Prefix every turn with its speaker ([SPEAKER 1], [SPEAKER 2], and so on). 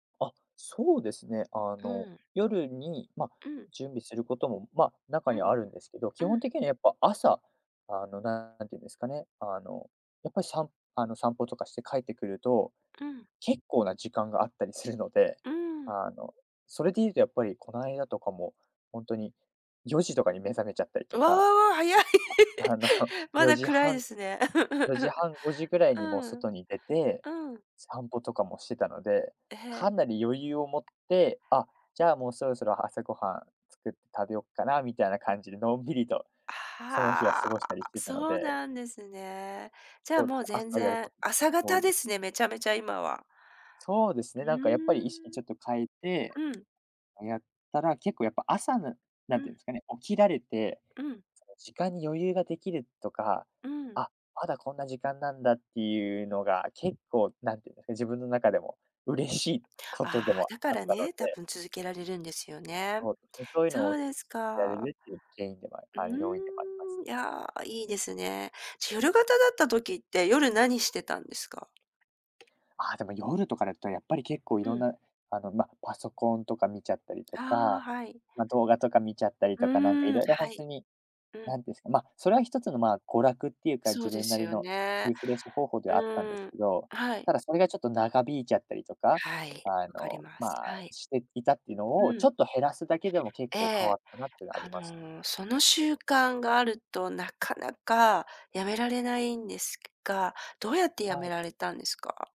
[SPEAKER 1] あ、そうですね、あ
[SPEAKER 2] う
[SPEAKER 1] の、
[SPEAKER 2] ん。
[SPEAKER 1] 夜に、ま、
[SPEAKER 2] うん。
[SPEAKER 1] 準備することも、まあ、中
[SPEAKER 2] う
[SPEAKER 1] には
[SPEAKER 2] ん、
[SPEAKER 1] あるんですけど、基
[SPEAKER 2] う
[SPEAKER 1] 本
[SPEAKER 2] ん。
[SPEAKER 1] 的にはやっぱ朝、あの、なんていうんですかね、あの、やっぱり、さんあの、散歩とかして帰ってくると、
[SPEAKER 2] うん。
[SPEAKER 1] 結構な時間があったりするので、
[SPEAKER 2] うーん。
[SPEAKER 1] あの、それで言うとやっぱりこの間とかもほんとに、4時とかに目覚めちゃったりと
[SPEAKER 2] う
[SPEAKER 1] か、
[SPEAKER 2] わ、早い。
[SPEAKER 1] あ あの、
[SPEAKER 2] ま
[SPEAKER 1] よ
[SPEAKER 2] だ
[SPEAKER 1] じ
[SPEAKER 2] 暗い
[SPEAKER 1] はん、
[SPEAKER 2] ですね。
[SPEAKER 1] よじ はん、5時ぐらいにもう
[SPEAKER 2] うん。
[SPEAKER 1] 外に出て
[SPEAKER 2] うん。
[SPEAKER 1] 散歩とかもしてたので、
[SPEAKER 2] え
[SPEAKER 1] かなり余裕を持っ
[SPEAKER 2] え。
[SPEAKER 1] て、あ、じゃあ、もうそろそろ朝ごはん作って食べよっかなみたいな感じで、のんびりと
[SPEAKER 2] あ、
[SPEAKER 1] その日は
[SPEAKER 2] は
[SPEAKER 1] 過ごしたりし
[SPEAKER 2] あ、
[SPEAKER 1] てたの
[SPEAKER 2] そう
[SPEAKER 1] で。
[SPEAKER 2] なんですね。じゃあ、
[SPEAKER 1] そう。
[SPEAKER 2] もう全
[SPEAKER 1] 朝やる
[SPEAKER 2] 然
[SPEAKER 1] ことが
[SPEAKER 2] 朝
[SPEAKER 1] 多
[SPEAKER 2] 方
[SPEAKER 1] いで
[SPEAKER 2] で
[SPEAKER 1] す。
[SPEAKER 2] すね、めちゃめちゃ今は。
[SPEAKER 1] そうです
[SPEAKER 2] う
[SPEAKER 1] ね。なんか、やっぱり、意識ちょっと変えて、
[SPEAKER 2] ーん。うん。
[SPEAKER 1] あ、やったら、結構やっぱ朝の、な
[SPEAKER 2] う
[SPEAKER 1] んていう
[SPEAKER 2] ん。
[SPEAKER 1] んですかね、起きられて、
[SPEAKER 2] うん。
[SPEAKER 1] その時間に余裕ができるとか、
[SPEAKER 2] うん。
[SPEAKER 1] あ、まだこんな時間なんだっていうのが結構、何ていうんですかね、自分の中でも嬉しいこと
[SPEAKER 2] あ
[SPEAKER 1] で
[SPEAKER 2] あ、
[SPEAKER 1] も
[SPEAKER 2] だか
[SPEAKER 1] あっ
[SPEAKER 2] ら
[SPEAKER 1] たの
[SPEAKER 2] ね、多
[SPEAKER 1] で。
[SPEAKER 2] 分続けられるんですよね。
[SPEAKER 1] そうですね。そういうの
[SPEAKER 2] そ
[SPEAKER 1] を、
[SPEAKER 2] う
[SPEAKER 1] 続
[SPEAKER 2] です
[SPEAKER 1] けられ
[SPEAKER 2] か。
[SPEAKER 1] るっていう原因でも、
[SPEAKER 2] う
[SPEAKER 1] あの、要因でもあります
[SPEAKER 2] ーん、い
[SPEAKER 1] ね。
[SPEAKER 2] や、いいですね。じゃ、夜型だった時って、夜何してたんですか？
[SPEAKER 1] ああ、でも夜とかだと、やっぱり結構い
[SPEAKER 2] う
[SPEAKER 1] ろん
[SPEAKER 2] ん。
[SPEAKER 1] な、あの、ま、パソコンとか見ちゃったりと
[SPEAKER 2] ああ、
[SPEAKER 1] か、
[SPEAKER 2] はい。
[SPEAKER 1] ま、動画とか見ちゃったり
[SPEAKER 2] う
[SPEAKER 1] とか、なんか、い
[SPEAKER 2] ーん、
[SPEAKER 1] ろいろほ
[SPEAKER 2] は
[SPEAKER 1] んと
[SPEAKER 2] い。
[SPEAKER 1] に、
[SPEAKER 2] うん。
[SPEAKER 1] 何ですか、ま、それは1つの、まあ、娯楽っていうか、
[SPEAKER 2] そ
[SPEAKER 1] 自
[SPEAKER 2] うで
[SPEAKER 1] 分な
[SPEAKER 2] す
[SPEAKER 1] り
[SPEAKER 2] よ
[SPEAKER 1] の
[SPEAKER 2] ね。
[SPEAKER 1] リフレッシュ方法で
[SPEAKER 2] う
[SPEAKER 1] はあったんです
[SPEAKER 2] ーん、
[SPEAKER 1] けど、
[SPEAKER 2] はい。
[SPEAKER 1] ただそれがちょっと長引いちゃったりとか、
[SPEAKER 2] はい、
[SPEAKER 1] あ
[SPEAKER 2] わかり
[SPEAKER 1] の、
[SPEAKER 2] ます。
[SPEAKER 1] まあ、
[SPEAKER 2] はい。
[SPEAKER 1] していたっていうの
[SPEAKER 2] う
[SPEAKER 1] をち
[SPEAKER 2] ん。
[SPEAKER 1] ょっと減らすだけでも、結
[SPEAKER 2] え
[SPEAKER 1] 構変わ
[SPEAKER 2] え。
[SPEAKER 1] ったなっていうのはあり
[SPEAKER 2] あ
[SPEAKER 1] ます。
[SPEAKER 2] の、その習慣があると、なかなか辞められないんですけが、どうやって辞
[SPEAKER 1] は
[SPEAKER 2] め
[SPEAKER 1] い。
[SPEAKER 2] られたんですか？